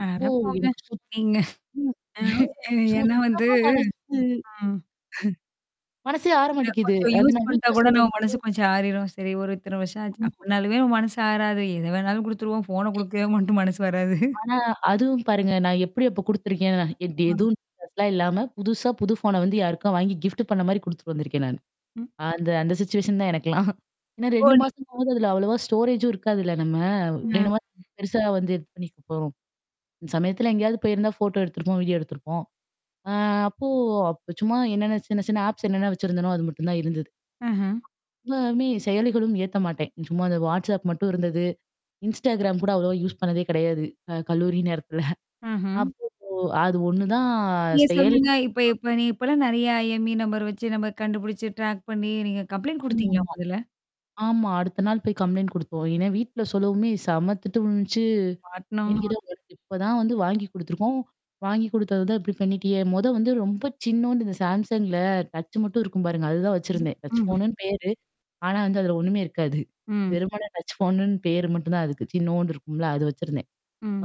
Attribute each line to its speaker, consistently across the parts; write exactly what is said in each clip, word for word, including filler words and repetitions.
Speaker 1: அட
Speaker 2: ஓ!
Speaker 1: போங்க
Speaker 2: எனக்கு சு
Speaker 1: நீங்க
Speaker 2: ம்.
Speaker 1: அவ் ஏன்னா வந்து
Speaker 2: சுத்தமா மனசு
Speaker 1: ஆ.
Speaker 2: அ. மனசே
Speaker 1: நான்
Speaker 2: ஆரமாட்டிக்குது.
Speaker 1: கொஞ்சம்
Speaker 2: அத
Speaker 1: யூஸ்
Speaker 2: நான்
Speaker 1: பண்ணட்டா
Speaker 2: வீட்ல
Speaker 1: கூட
Speaker 2: சொல்ல
Speaker 1: நம்ம
Speaker 2: வந்து
Speaker 1: மனசு கொஞ்சம் ஆறிரும். சரி ஒரு இத்தனை வருஷம் ஆச்சு
Speaker 2: ஆமா.
Speaker 1: அப்டினாலுமே மனசு ஆறாது. எத வேணாலும் குடுத்துருவோம் ஃபோன குடுக்கவே மட்டும் மனசு வராது.
Speaker 2: ஆனா அதுவும் பாருங்க. நான் எப்டி அப்போ குடுத்துருக்கேன் நான் எ
Speaker 1: அம்.
Speaker 2: எதுவும் அதல்லாம் இல்லாம புதுசா புது ஃபோன வந்து யாருக்கும் வாங்கி கிஃப்ட் பண்ண மாரி குடுத்துட்டு வந்திருக்கேன் நானு.
Speaker 1: ம்.
Speaker 2: அந்த அந்த சிச்சுவேஷன் தான் எனக்கலாம். ஏன்னா,
Speaker 1: ஓ!
Speaker 2: ரெண்டு
Speaker 1: நீ
Speaker 2: மாசமாவது அதுல அவ்வளவா ஸ்டோரேஜ்ம் இருக்காதுல்ல நம்ம.
Speaker 1: அ.
Speaker 2: ரெண்டு மாசம் பெருசா வந்து இது பண்ணிருப்போம். அந்த சமயத்தல எங்கேயாவது போயிருந்தா ஃபோட்டோ எடுத்திருப்போம் வீடியோ எடுத்திருப்போம். ஆ அப்போ அப்ப சும்மா என்னென்ன சின்ன சின்ன ஆப்ஸ் என்னென்ன வச்சிருந்தேனோ அது மட்டும் தான் இருந்தது.
Speaker 1: ஆஹ.
Speaker 2: எல்லாமே செயலிகளும் ஏத்த மாட்டேன். சும்மா அந்த வாட்ஸ்அப் மட்டும் இருந்தது. இன்ஸ்டாகிராம் கூட அவ்ளவோ யூஸ் பண்ணதே கிடையாது. க கல்லூரி நேரத்துல.
Speaker 1: ஆஹ.
Speaker 2: அப்போ ஓ! அது ஒண்ணுதான்
Speaker 1: நீங்க
Speaker 2: செயல
Speaker 1: சொல்லுங்க, இப்ப
Speaker 2: நான்.
Speaker 1: இப்ப நீ இப்பலாம் நெறைய ஐஎம்இ நம்பர் வச்சு நம்ம கண்டுபுடிச்சு ட்ராக் பண்ணி நீங்க கம்ப்ளைிண்ட் குடுத்தீங்களா
Speaker 2: ஆமாமா.
Speaker 1: முதல்ல?
Speaker 2: ஆமா. அடுத்த நாள் போய் கம்ப்ளைண்ட் குடுத்தோம். ஏன்னா வீட்ல சொல்லவுமே செம்மத்திட்டு விழுந்ச்சு. ஏன்
Speaker 1: பாட்னம்மா
Speaker 2: கேட்டா உனக்கு இப்ப தான் வந்து வாங்கி குடுத்துருக்கோம். வாங்கி குடுத்தது தான் இப்டி பண்ணிட்டியே? மொத வந்து ரொம்ப சின்னூன்டு இந்த சாம்சங்ல டச் மட்டும் இருக்கும் பாருங்க. அதுதான்
Speaker 1: ம்.
Speaker 2: வச்சிருந்தேன். டச்
Speaker 1: ம்ஹ்ம்.
Speaker 2: ஃபோன்னு பேரு. ஆனா வந்து அதுல ஒண்ணுமே இருக்காது.
Speaker 1: ம்.
Speaker 2: வெருமண டச் ஃபோன்னு பேரு மட்டும் தான் அதுக்கு சின்னூன்டு இருக்கும்ல அது வச்சிருந்தேன்.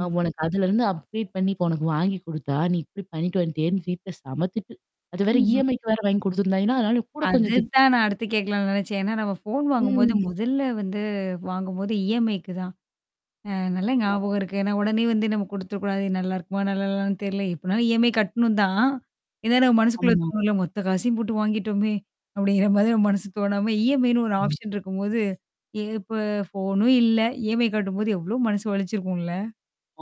Speaker 2: ஆ உனக்கு அதுலருந்து அப்டேட் பண்ணி உனக்கு வாங்கி குடுத்தா நீ இப்டி பண்ணிட்டு வந்துட்டியேன்னு வீட்ல செம்மத்திட்டு. அது வேற
Speaker 1: ம்ஹ்ம்.
Speaker 2: இஎம்ஐக்கு வேற வாங்கி குடுத்தருந்தாங்கேளா. ஏன்னா, அதனால கூட கொஞ்சம் திட்
Speaker 1: அதுதான் நான் அடுத்து கேட்கலான்னு நெனனைச்சேன். ஏனா, நம்ம ஃபோன் வாங்கும்போது
Speaker 2: ம்.
Speaker 1: மொதல்ல வந்து வாங்கும்போது இஎம்ஐக்கு தான். அ நல்லா
Speaker 2: ஆமா.
Speaker 1: ஞாபகம் இருக்கு. ஏன்னா உடனே வந்து நம்ம குடுத்துறக்கூடாது நல்லாருக்குமா? நல்லாலான்னு தெர்ல. எப்பனாலும் இஎம்ஐ கட்டணும் தான். ஏனா, நம்ம மனசுக்குள்ள
Speaker 2: ஆமா
Speaker 1: தோணும்ல மொத்த காசையும் போட்டு வாங்கிட்டோமே. அப்டிங்கிற மாரி நம்ம மனசு தோணாம இஎம்ஐன்னு ஒரு
Speaker 2: ம்.
Speaker 1: ஆப்ஷன் இருக்கும்போது. எ இப்ப ஃபோனும் இல்ல. இஎம்ஐ கட்டும்போது எவ்ளோ மனசு வலிச்சிருக்கும்ல?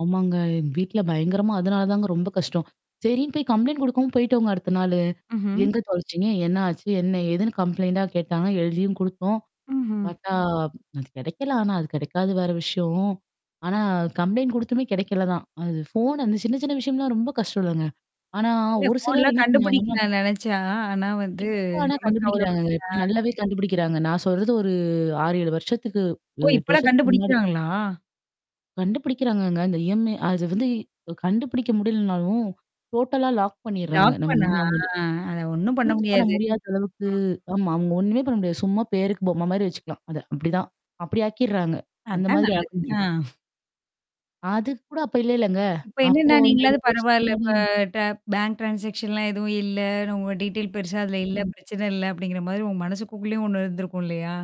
Speaker 2: ஆமாங்க. வீட்ல பயங்கரமா அதனால தாங்க ரொம்ப கஷ்டம். சரின்னு போய் கம்ப்ளைண்ட் குடுக்கவும் போய்டிடோங்க அடுத்த நாளு.
Speaker 1: ம்ஹ்ம்.
Speaker 2: எங்க தொலச்சீங்க? என்ன ஆச்சு? என்ன எதுன்னு கம்ப்ளைண்ட் கேட்டாங்கா எழுதியும் குடுத்தோம்.
Speaker 1: ம்ஹம்.
Speaker 2: பார்த்தா அது கிடைக்கலாம். ஆனா அது கிடைக்காது வேற விஷயம். ஆனா, கம்ப்ளைண்ட் குடுத்தமே கிடைக்கல தான். அது ஃபோன் அந்த சின்ன சின்ன விஷயம்லாம் ரொம்ப கஷ்டம்லங்க. ஆனா
Speaker 1: இல்ல
Speaker 2: ஒரு சிலர்
Speaker 1: ஃபோன்லாம்
Speaker 2: என்ன பண்ணாங்கன்னா
Speaker 1: கண்டுபுடிக்கலாம்னு நெனைச்சா. ஆனா வந்து
Speaker 2: இப்ப ஆனா
Speaker 1: நமக்கு அவ்வளோ பெருசு
Speaker 2: கண்டுபிடிக்கிறாங்கங்க. இப்ப
Speaker 1: இதா
Speaker 2: நல்லாவே கண்டுபிடிக்கிறாங்க. நான் சொல்றது ஒரு ஆறு, ஏழு வருஷத்துக்கு
Speaker 1: ஓ!
Speaker 2: அ எட்டு
Speaker 1: இப்பலாம்
Speaker 2: வருஷத்துக்கு முன்னாடி.
Speaker 1: கண்டுபுடிக்கிறாங்களா?
Speaker 2: கண்டுபிடிக்கிறாங்கங்க. இந்த ஐஎம்இ அத வந்து கண்டுபிடிக்க முடியலனாலும். டோட்டலா லாக் பண்ணர்றாங்க.
Speaker 1: லாக்
Speaker 2: நம்ம
Speaker 1: பண்ணா.
Speaker 2: வந்து நம்ம வந்து
Speaker 1: அ அத ஒண்ணும் பண்ண
Speaker 2: யூஸ் பண்ண
Speaker 1: முடியாது.
Speaker 2: முடியாத அளவுக்கு
Speaker 1: அ.
Speaker 2: ஆமா. அங்க ஒண்ணுமே பண்ண முடியாது. சும்மா பேருக்கு பொம்ம மாரி வச்சுக்கலாம். அத அப்டிதான். அப்டி ஆக்கிடறாங்க. அந்த
Speaker 1: அதான்
Speaker 2: மாதிரி ஆக்க
Speaker 1: நல்லது. ஆ.
Speaker 2: முடியது. அது கூட அப்ப இல்லலங்க.
Speaker 1: இப்ப
Speaker 2: அப்போ
Speaker 1: என்னன்னா
Speaker 2: அந்த அஞ்சு
Speaker 1: நீங்களாவது பரவால்ல.
Speaker 2: முன்னாடி
Speaker 1: இப்ப ட பேங்க் ட்ரான்சாக்ஷன்லாம் எதுவும் இல்ல. உங்க டீடெயில் பெருசா அதில இல்ல
Speaker 2: ம்.
Speaker 1: பிரச்சனை இல்ல அப்டிங்கிற மாதிரி உங்க மனசுக்குக்குள்ளேயும் ஒண்ணு இருந்திருக்கும் இல்லையா?